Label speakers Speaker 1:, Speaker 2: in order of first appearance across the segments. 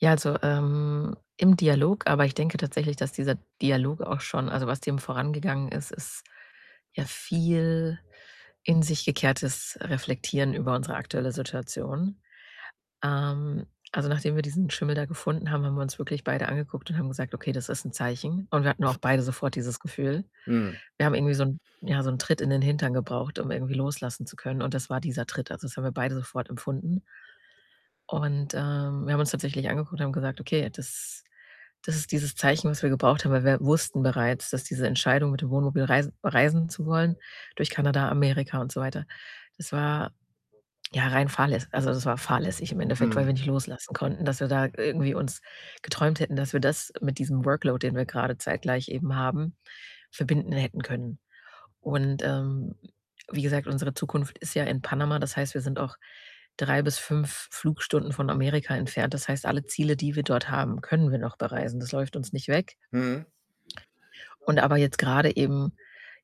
Speaker 1: Ja, also, ähm, im Dialog aber ich denke tatsächlich, dass dieser Dialog auch schon also, was dem vorangegangen ist, ist ja viel in sich gekehrtes Reflektieren über unsere aktuelle Situation. Ähm, also, nachdem wir diesen Schimmel da gefunden haben, haben wir uns wirklich beide angeguckt und haben gesagt: „Okay, das ist 'n Zeichen.“ Und wir hatten auch beide sofort dieses Gefühl.
Speaker 2: Hm.
Speaker 1: Wir haben irgendwie so 'n ja, so 'n Tritt in den Hintern gebraucht, um irgendwie loslassen zu können und das war dieser Tritt. Also, das haben wir beide sofort empfunden. Und, ähm, wir haben uns tatsächlich angeguckt und haben gesagt, okay, das das ist dieses Zeichen, was wir gebraucht haben, weil wir wussten bereits, dass diese Entscheidung, mit dem Wohnmobil reis reisen zu wollen durch Kanada, Amerika und so weiter das war ja rein fahrläs also, das war fahrlässig im Endeffekt, weil wir
Speaker 2: Mhm.
Speaker 1: nicht loslassen konnten, dass wir da irgendwie uns geträumt hätten, dass wir das mit diesem Workload, den wir grade zeitgleich eben haben, verbinden hätten können. Und, ähm, wie gesagt, unsere Zukunft ist ja in Panama. Das heißt, wir sind auch 3 bis 5 Flugstunden von Amerika entfernt. Das heißt, alle Ziele, die wir dort haben, können wir noch bereisen. Das läuft uns nicht weg.
Speaker 2: Mhm.
Speaker 1: Und aber jetzt grade eben,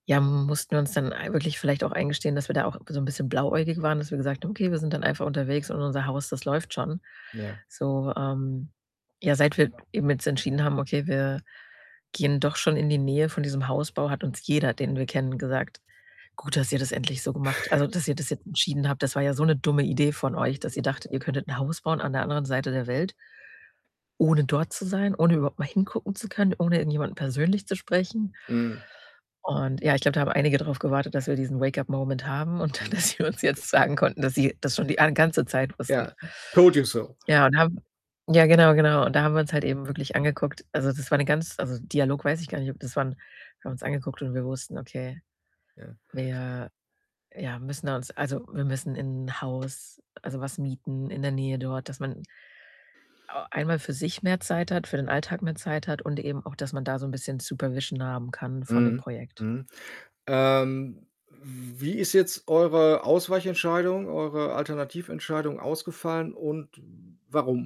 Speaker 1: ja, mussten wir uns dann ei wirklich vielleicht auch eingestehen, dass wir da auch so 'n bisschen blauäugig waren, dass wir gesagt haben: „Okay, wir sind dann einfach unterwegs und unser Haus, das läuft schon.“
Speaker 2: Ja.
Speaker 1: So, ähm ja, seit wir eben jetzt entschieden haben, okay, wir gehen doch schon in die Nähe von diesem Hausbau, hat uns jeder, den wir kennen, gesagt: „Gut, dass ihr das endlich so gemacht also, dass ihr das jetzt entschieden habt, das war ja so 'ne dumme Idee von euch, dass ihr dachtet, ihr
Speaker 2: [unintelligible]
Speaker 1: könntet 'n Haus bauen an der anderen Seite der Welt“ „ohne dort zu sein, ohne überhaupt mal hingucken zu können, ohne irgendjemanden persönlich zu sprechen.“
Speaker 2: Mhm.
Speaker 1: Und ja, ich glaube, da haben einige drauf gewartet, dass wir diesen Wake-up Moment haben und dann,
Speaker 2: Mhm.
Speaker 1: dass sie uns jetzt sagen konnten, dass sie das schon die an ganze Zeit wussten.
Speaker 2: Ja. Told you so.
Speaker 1: Ja, und haben ja, genau, genau. Und da haben wir uns halt eben wirklich angeguckt also, das war 'ne ganz also, Dialog weiß ich gar nicht das waren wir haben uns angeguckt und wir wussten: „Okay,
Speaker 2: Ja.
Speaker 1: wir, ja, müssen da uns also, wir müssen in 'n Haus“, also, was mieten in der Nähe dort, dass man au einmal für sich mehr Zeit hat, für den Alltag mehr Zeit hat und eben auch, dass man da so 'n bisschen Supervision haben kann von dem
Speaker 2: Mhm,
Speaker 1: Projekt.
Speaker 2: mhm. Ähm, w wie ist jetzt eure Ausweichentscheidung, eure Alternativentscheidung ausgefallen und warum?